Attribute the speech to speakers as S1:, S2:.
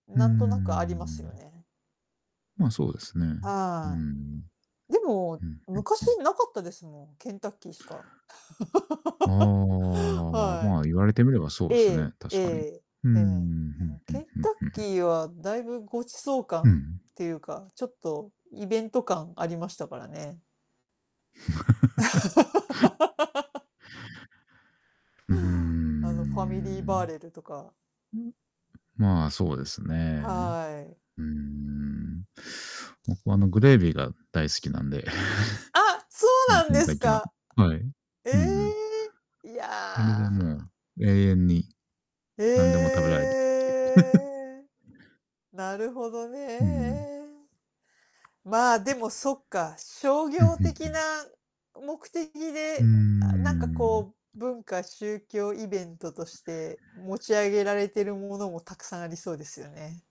S1: うんう
S2: な
S1: んうん
S2: ん
S1: う
S2: とな
S1: ん
S2: くあります
S1: う
S2: よ
S1: ん。
S2: ね。
S1: ま、そうですね。うん
S2: ああ。
S1: うん。
S2: でも、
S1: うん。うん、う
S2: 昔
S1: ん。
S2: なかったですもん、ケンタッキーしか。
S1: あ あ、
S2: は
S1: まあ、言われてみればそ
S2: い。
S1: う
S2: え
S1: す
S2: え。
S1: ね、
S2: え
S1: 確かに。
S2: え。
S1: うんうん
S2: え
S1: う
S2: え。う
S1: ん、
S2: ん、
S1: う
S2: ケ
S1: ん、
S2: ン
S1: うん、う
S2: タ
S1: ん、
S2: ッ
S1: うんう
S2: キ
S1: ん。
S2: ーはだいぶごちそう
S1: うんう
S2: 感
S1: ん。
S2: っていうか、ちょっとイベント感ありましたからね。
S1: うーん、う
S2: あの、ファミリーバー
S1: ん。
S2: レルとか。
S1: まあ、そうですね。
S2: はい。
S1: うーん。僕はあのグレービーが大好きなんで。
S2: あ、そうなんですか。
S1: はい。
S2: え
S1: うんうん。
S2: え、い
S1: あれ
S2: や。
S1: でもう、永遠に。
S2: え
S1: なんでも食べられるっていう。
S2: え。なるほど
S1: うんうん。
S2: ね。まあ、でもそっか、商
S1: うんう
S2: 業
S1: んう
S2: 的な
S1: ん。
S2: 目的
S1: うー
S2: で、あ、なんかこ
S1: ん。
S2: う文化宗教イベントとして持ち上げられてるものもたくさんありそうですよね。